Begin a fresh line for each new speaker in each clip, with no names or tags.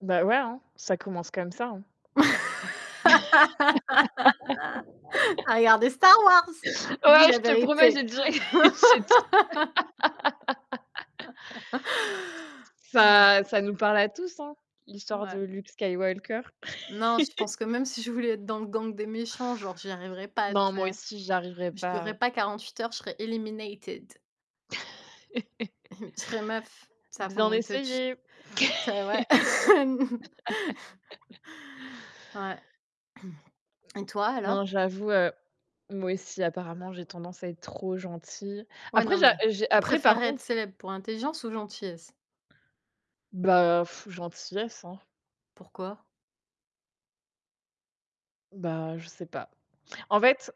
Bah ouais, hein, ça commence comme ça, hein.
Tu as regardé Star Wars? Dis
Ouais, je
la
te promets, j'ai
vérité!
direct j'ai déjà
[unintelligible]
Ça ça nous parle à tous hein, l'histoire de
Ouais.
Luke Skywalker.
Non, je pense que même si je voulais être dans le gang des méchants, genre, j'y arriverai pas, tu
Non, moi
sais?
aussi, j'y arriverai
Je
pas, heu
durerai pas 48 heures, je serais eliminated. Tu serais meuf, ça
Bien
fon te tu
essayé!
ça ouais. Ouais et toi alors?
Non, j'avoue, heu, moi aussi apparemment, j'ai tendance à être trop gentille.
Ouais,
Après,
non
ja
mais
j'ai
tu
après par
préférais être
contre
célèbre pour intelligence ou gentillesse?
Bah, heu, gentillesse, hein.
Pourquoi?
Bah, je sais pas, en fait,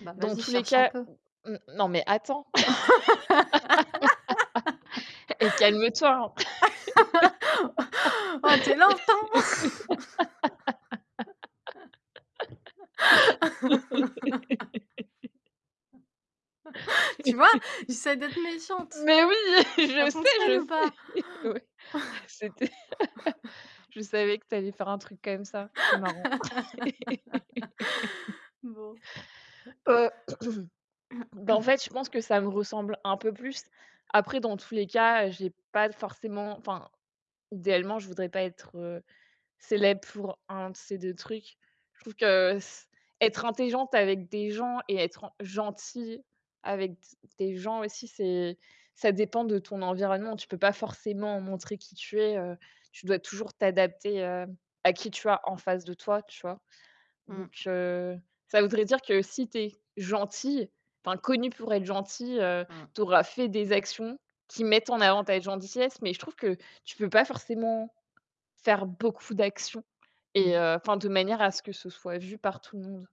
Bah,
dans
vas-y,
tous les
cherche un
cas
peu!
n non mais attends! Eh! Calme-toi, hein.
Waouh, tu es lente, hein! Tu vois, j'essaie d'être méchante!
Mais oui!
Ça
Je sais,
fonctionne
je
ou
sais,
pas?
oui. C'était je savais que tu allais faire un truc quand même ça. C'est marrant.
Bon.
Heu bah, en fait, je pense que ça me ressemble un peu plus. Après, dans tous les cas, heu, j'ai pas forcément, enfin, idéalement, je voudrais pas être, heu, célèbre pour 1 de ces 2 trucs. Je trouve que s être intelligente avec des gens et être en gentille avec d des gens aussi, c'est ça dépend de ton environnement. Tu peux pas forcément montrer qui tu es, heu, tu dois toujours t'adapter, heu, à qui tu as en face de toi, tu vois? Donc
Mmh.
heu, ça voudrait dire que si tu es gentille, enfin connue pour être gentille, heu,
Mmh.
tu auras fait des actions qui mettent en avant ta gentillesse mais je trouve que tu peux pas forcément faire beaucoup d'actions et
Mmh.
heu, enfin, de manière à ce que ce soit vu par tout le monde.